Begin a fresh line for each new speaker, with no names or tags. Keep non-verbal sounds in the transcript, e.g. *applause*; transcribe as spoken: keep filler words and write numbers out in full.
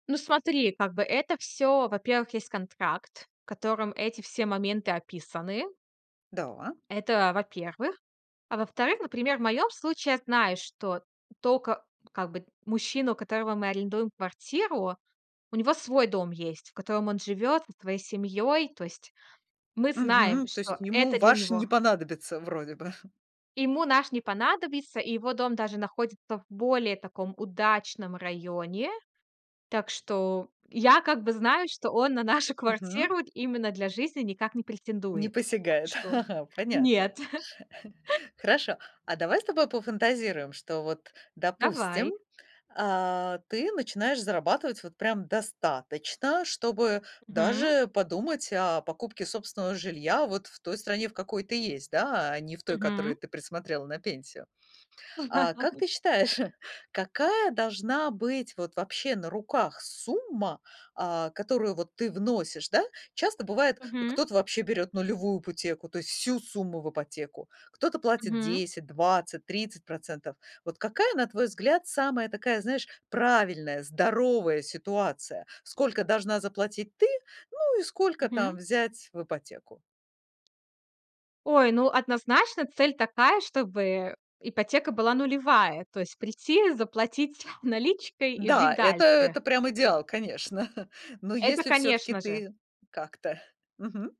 Ну, смотри, как бы это всё, во-первых, есть контракт, в котором эти все моменты описаны.
Да.
Это, а, во-первых. А во-вторых, например, в моем случае я знаю, что тока, ну, как бы мужчина, у которого мы арендуем квартиру. У него свой дом есть, в котором он живет со своей семьей. То есть мы знаем,
Мгм. То есть
что
ему
это для
ваш не
него
понадобится вроде бы. *chuckles*
Ему наш не понадобится. И его дом даже находится в более таком удачном районе. Так что я как бы знаю, что он на нашу
Мгм.
квартиру д именно для жизни никак не
Не
претендует. Так
посягает,
что
*chuckles* понятно.
нет. *laughs*
*chuckles* Хорошо, а давай с тобой пофантазируем, что вот, допустим,
Давай.
а, ты начинаешь зарабатывать вот прям достаточно, чтобы
Мгм.
даже подумать о покупке собственного жилья вот в той стране, в какой ты есть, да, а не в той,
Мгм.
которую ты присмотрела на пенсию. А как ты
*laughs*
считаешь, *chuckles* какая должна быть вот вообще на руках сумма, а, которую вот ты вносишь? Да, часто бывает, э,
Мгм.
кто-то вообще берёт нулевую ипотеку, то есть всю сумму в ипотеку, кто-то платит
Мгм.
десять, двадцать, тридцать процентов. Вот какая, на твой взгляд, самая такая, знаешь, правильная, здоровая ситуация? Сколько должна заплатить ты, ну и сколько
Мгм.
там взять в ипотеку?
Ой, ну, однозначно цель такая, чтобы ипотека была нулевая. То есть прийти, заплатить наличкой и
Да,
жить
это
дальше.
это прям идеал, конечно, *chuckles* но
Это,
если всё-таки
конечно же.
ты как-то Мгм.